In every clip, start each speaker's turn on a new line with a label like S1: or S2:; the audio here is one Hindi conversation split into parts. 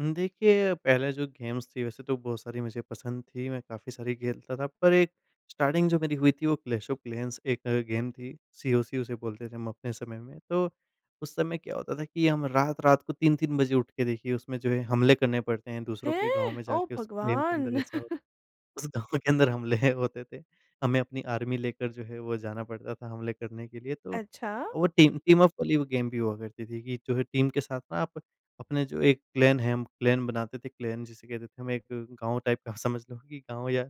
S1: हुँ, देखिए पहले जो गेम्स थी वैसे तो बहुत सारी मुझे पसंद थी, मैं काफ़ी सारी खेलता था पर एक स्टार्टिंग जो मेरी हुई थी वो क्लैश ऑफ क्लैंस एक गेम थी, सीओसी उसे बोलते थे हम अपने समय में तो उस समय क्या होता था कि हम रात-रात को 3-3 बजे उठ के देखिए उसमें जो है हमले करने पड़ते हैं, दूसरों के गाँव
S2: हैं!
S1: में
S2: ओह
S1: जाके उस गेम के
S2: भगवान!
S1: अंदर ऐसा [unintelligible] उस गाँव के अंदर हमले है होते थे। हमें अपनी आर्मी लेकर जो है, वो जाना पड़ता था हमले करने के लिए। तो
S2: अच्छा।
S1: वो टीम टीमअप वाली गेम भी हुआ करती थी कि जो है टीम के साथ ना आप अपने जो एक क्लैन है हम क्लैन बनाते थे क्लैन जिसे कहते थे हम, एक गाँव टाइप का समझ लो कि गाँव या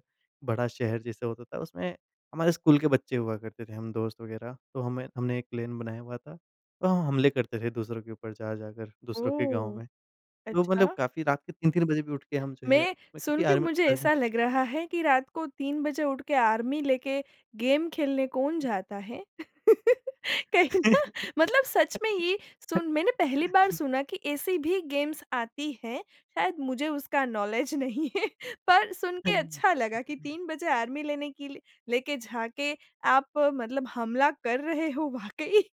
S1: बड़ा शहर जैसा होता था, उसमें हमारे स्कूल के बच्चे हुआ करते थे हम दोस्त वग़ैरह। तो हमें हमने एक क्लैन बनाया हुआ था तो हम हमले करते थे दूसरों के ऊपर जा जाकर दूसरों के गाँव
S2: ओह!
S1: में। तो मतलब
S2: अच्छा।
S1: काफ़ी रात के 3-3 बजे भी उठ के हम जो है
S2: मैं,
S1: उसमें
S2: सुन
S1: क्योंकि
S2: के
S1: आर्मी
S2: मुझे
S1: आर्मी
S2: ऐसा लग रहा है कि रात को 3 बजे उठ के आर्मी लेके गेम खेलने कौन जाता है? कहीं ना मतलब सच में ही सुन मैंने पहली बार सुना कि ऐसी भी गेम्स आती हैं, शायद मुझे उसका नौलेज नहीं है। पर सुन के
S1: हुँ।
S2: अच्छा लगा कि 3 बजे आर्मी लेने के लि लेके जाके आप मतलब हमला कर रहे हो वाक़ई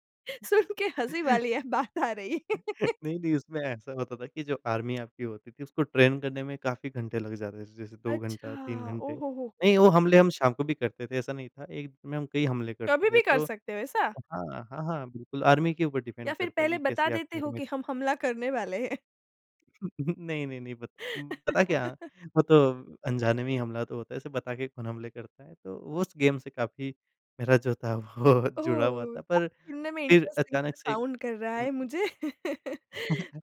S2: सुन के हँसी वाली बात आ रही।
S1: नहीं, नहीं उसमें ऐसा होता था कि जो आर्मी आपकी होती थी उसको ट्रेन करने में काफ़ी घंटे लग जाते थे जैसे 2
S2: अच्छा!
S1: घंटा 3 घंटे।
S2: ओह हो, हो, हो!
S1: नहीं, वो हमले हम शाम को भी करते थे ऐसा नहीं था, एक में हम कई हमले करते
S2: कभी
S1: थे।
S2: भी कर
S1: तो
S2: सकते हो ऐसा?
S1: हाँ, हाँ, हाँ। बिल्कुल आर्मी के ऊपर
S2: या
S1: डिपेंड
S2: फिर
S1: करता है
S2: पहले
S1: कि
S2: बता
S1: कैसे
S2: देते
S1: आपके
S2: हो
S1: घर में
S2: कि हम हमला करने वाले हैं?
S1: नहीं, नहीं, नहीं पत पता क्या, वो तो अनजाने में ही हमला तो होता है, ऐसे बता के कौन हमले करता है? तो वो उस गेम से काफ़ी मेरा जो था वो जुड़ा हुआ
S2: ओह!
S1: था
S2: [unintelligible]
S1: पर
S2: सुनने में
S1: फिर
S2: इंटरेस्टिंग सा
S1: अचानक से
S2: साउंड कर रहा
S1: हुँ।
S2: है मुझे।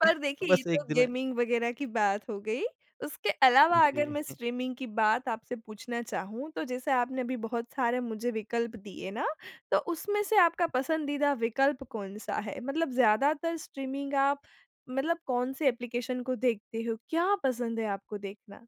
S2: पर देखिए ये
S1: बस
S2: तो
S1: 1 दिन में
S2: गेमिंग वग़ेेरह की बात हो गई उसके अलावा अगर
S1: जी।
S2: मैं स्ट्रीमिंग की बात आपसे पूछना चाहूँ तो, जैसे आपने अभी बहुत सारे मुझे विकल्प दिए ना, तो उसमें से आपका पसंदीदा विकल्प कौन-सा है? मतलब ज़्यादातर स्ट्रीमिंग आप मतलब कौन-से एप्लीकेशन को देखते हो, क्या पसंद है आपको देखना?